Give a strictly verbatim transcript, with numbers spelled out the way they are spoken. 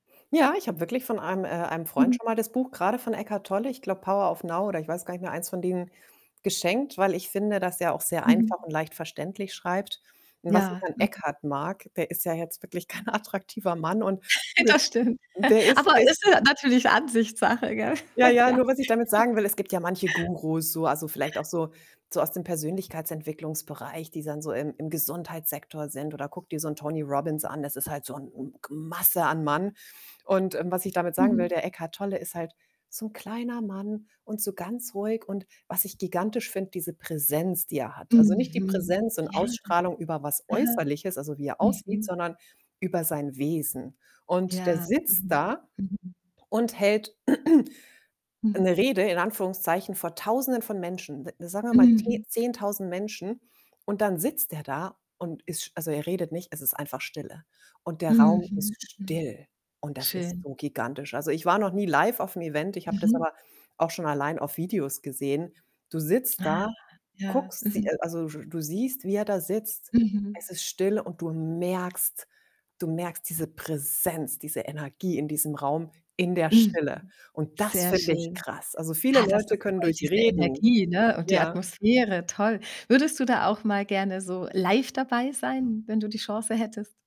Ja, ich habe wirklich von einem äh, einem Freund Mhm. schon mal das Buch grade von Eckhart Tolle, ich glaube, „Power of Now“ oder ich weiß gar nicht mehr eins von denen geschenkt, weil ich finde, dass er auch sehr Mhm. einfach und leicht verständlich schreibt und was ich Ja, an mhm. Eckhart mag, der ist ja jetzt wirklich kein attraktiver Mann, und [unintelligible] Das stimmt, der ist der aber ist ist, äh, natürlich Ansichtssache, gell? Ja, ja, Ja. nur was ich damit sagen will, es gibt ja manche Gurus so, also vielleicht auch so so aus dem Persönlichkeitsentwicklungsbereich, die dann so im im Gesundheitssektor sind, oder gucke dir so 'n Tony Robbins an, das ist halt so 'n, hm, g Masse an Mann und, ähm, was ich damit sagen will, Mhm. der Eckhart Tolle ist halt so 'n kleiner Mann und so ganz ruhig, und was ich gigantisch finde, diese Präsenz, die er hat. Also, nicht die Mhm, Präsenz und ja. Ausstrahlung über was Aha, Äußerliches, also, wie er aussieht, mhm. sondern über sein Wesen, und der Ja, sitzt mhm, da mhm. und hält Mhm. 'ne Rede in Anführungszeichen vor Tausenden von Menschen, de sagen wir mal te Mhm. Zehntausend Menschen, und dann sitzt er da und ist sch also, er redet nicht, es ist einfach Stille und der Raum ist Mhm, mhm, still und das ist schön. so gigantisch. Also, ich war noch nie live auf'm Event, ich habe das Mhm. aber auch schon allein auf Videos gesehen. Du sitzt Ah, da, ja, guckst sie mhm. äh, also, sch du siehst, wie er da sitzt. Mhm. Es ist still und du merkst du merkst diese Präsenz, diese Energie in diesem Raum, in der Mhm, Stille und das sehr finde ich schön. krass. Also, viele Ah, das Leute ist können toll, durch diese reden Energie, ne, und die ja? Atmosphäre, toll. Würdest du da auch mal gerne so live dabei sein, wenn du die Chance hättest?